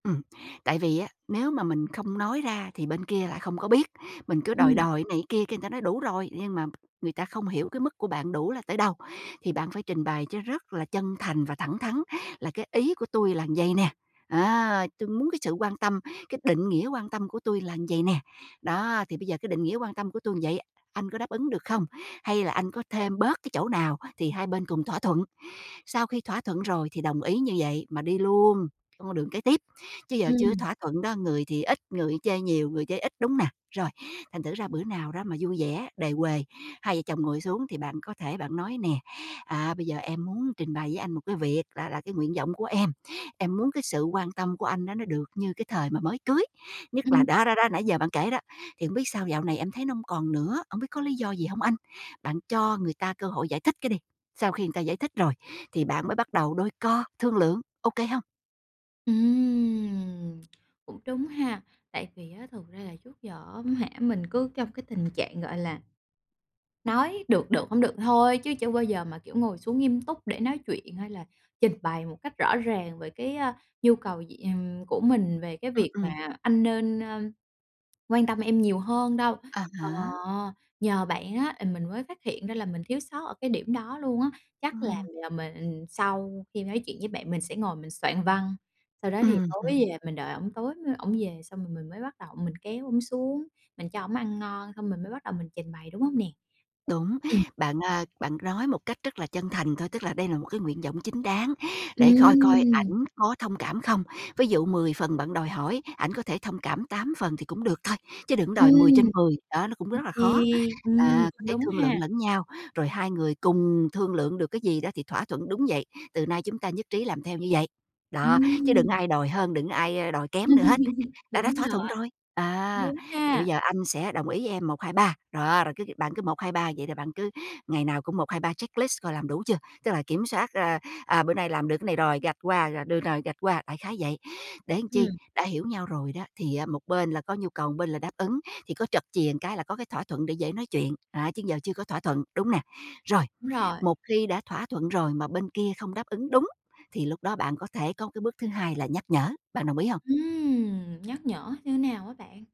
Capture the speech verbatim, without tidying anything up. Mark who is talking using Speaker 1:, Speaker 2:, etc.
Speaker 1: Ừm, tại vì á, nếu mà mình không nói ra thì bên kia lại không có biết. Mình cứ đòi
Speaker 2: Ừm.
Speaker 1: đòi cái này cái kia, cái người ta nói: "Đủ rồi", nhưng mà người ta không hiểu cái mức của bạn đủ là tới đâu. Thì bạn phải trình bày cho rất là chân thành và thẳng thắn là "Cái ý của tui là vậy nè, á. Tui muốn cái sự quan tâm, cái định nghĩa quan tâm của tui là vậy nè. Đó, thì bây giờ cái định nghĩa quan tâm của tui vậy, anh có đáp ứng được không? Hay là anh có thêm bớt cái chỗ nào thì hai bên cùng thỏa thuận." Sau khi thỏa thuận rồi thì đồng ý như vậy mà đi luôn, trong con đường kế tiếp. Chứ giờ chưa có
Speaker 2: Ừm.
Speaker 1: thỏa thuận đó, người thì ít, người chê nhiều, người chê ít, đúng hông nè? Rồi, thành thử ra bữa nào đó mà vui vẻ, đề huề, hai vợ chồng ngồi xuống thì bạn có thể bạn nói nè: "À, bây giờ em muốn trình bày với anh một cái việc là là cái nguyện vọng của em. Em muốn cái sự quan tâm của anh đó nó được như cái thời mà mới cưới, nhất là"
Speaker 2: Ừm.
Speaker 1: đó, đó, đó nãy giờ bạn kể đó. "Thì hổng biết sao dạo này em thấy nó hông còn nữa, hổng biết có lý do gì hông anh?" Bạn cho người ta cơ hội giải thích cái đi, sau khi người ta giải thích rồi thì bạn mới bắt đầu đôi co, thương lượng, ô kê hông?
Speaker 2: Ừm. Cũng đúng ha, tại vì á thực ra là trước giờ, á hả, mình cứ trong cái tình trạng, gọi là, nói được, được, hổng được thì thôi chứ chưa bao giờ mà kiểu ngồi xuống nghiêm túc để nói chuyện, hay là trình bày một cách rõ ràng về cái, a, nhu cầu gì ừm, của mình về cái
Speaker 1: Ừm,
Speaker 2: việc
Speaker 1: ừm.
Speaker 2: mà: "Anh nên, a, quan tâm em nhiều hơn" đâu.
Speaker 1: À
Speaker 2: Ờ,
Speaker 1: há.
Speaker 2: nhờ bạn á, ờ, mình mới phát hiện ra là mình thiếu sót ở cái điểm đó luôn á. Chắc là
Speaker 1: Ừm.
Speaker 2: là mình sau khi nói chuyện với bạn mình sẽ ngồi mình soạn văn, sau đó thì
Speaker 1: Ừm
Speaker 2: tối
Speaker 1: hừm.
Speaker 2: về mình đợi ổng tối mới ổng về xong rồi mình mới bắt đầu mình kéo ổng xuống, mình cho ổng ăn ngon xong mình mới bắt đầu mình trình bày, đúng hông nè?
Speaker 1: Đúng, bạn, a, bạn nói một cách rất là chân thành thôi, tức là đây là một cái nguyện vọng chính đáng, để coi coi
Speaker 2: Ừm.
Speaker 1: ảnh có thông cảm không. Ví dụ mười phần bạn đòi hỏi, ảnh có thể thông cảm tám phần thì cũng được thôi, chứ đừng có đòi mười trên
Speaker 2: Ừm.
Speaker 1: mười, đó, nó cũng
Speaker 2: Ok,
Speaker 1: rất là khó.
Speaker 2: ừm,
Speaker 1: À, có
Speaker 2: cũng
Speaker 1: thể
Speaker 2: đúng
Speaker 1: thương
Speaker 2: ha!
Speaker 1: lượng lẫn nhau, rồi hai người cùng thương lượng được cái gì đó thì thỏa thuận đúng vậy, từ nay chúng ta nhất trí làm theo như vậy. Đó, chứ đừng có
Speaker 2: Ừm.
Speaker 1: ai đòi hơn, đừng có ai đòi kém nữa hết, đã đã
Speaker 2: Đúng
Speaker 1: thỏa
Speaker 2: rồi.
Speaker 1: thuận rồi,
Speaker 2: Cũng
Speaker 1: à.
Speaker 2: đúng
Speaker 1: "Thì bây
Speaker 2: ha!
Speaker 1: giờ anh sẽ đồng ý với em một hai ba." Đó, rồi cứ cứ bạn cứ một hai ba, vậy là bạn cứ ngày nào cũng một hai ba checklist coi làm đủ chưa? Tức là kiểm soát, a, à, bữa nay làm được cái này rồi gạch qua, à, được rồi, gạch qua, đại khái vậy. Để chi,
Speaker 2: Ừm.
Speaker 1: đã hiểu nhau rồi đó thì á một bên là có nhu cầu, một bên là đáp ứng thì có trật chìa cái là có cái thỏa thuận để dễ nói chuyện, à, chứ giờ chưa có thỏa thuận, đúng nè? Rồi,
Speaker 2: Đúng rồi.
Speaker 1: một khi đã thỏa thuận rồi mà bên kia không đáp ứng đúng, thì lúc đó bạn có thể có một cái bước thứ hai là nhắc nhở, bạn đồng ý hông?
Speaker 2: Ừm, nhắc nhở như nào á bạn?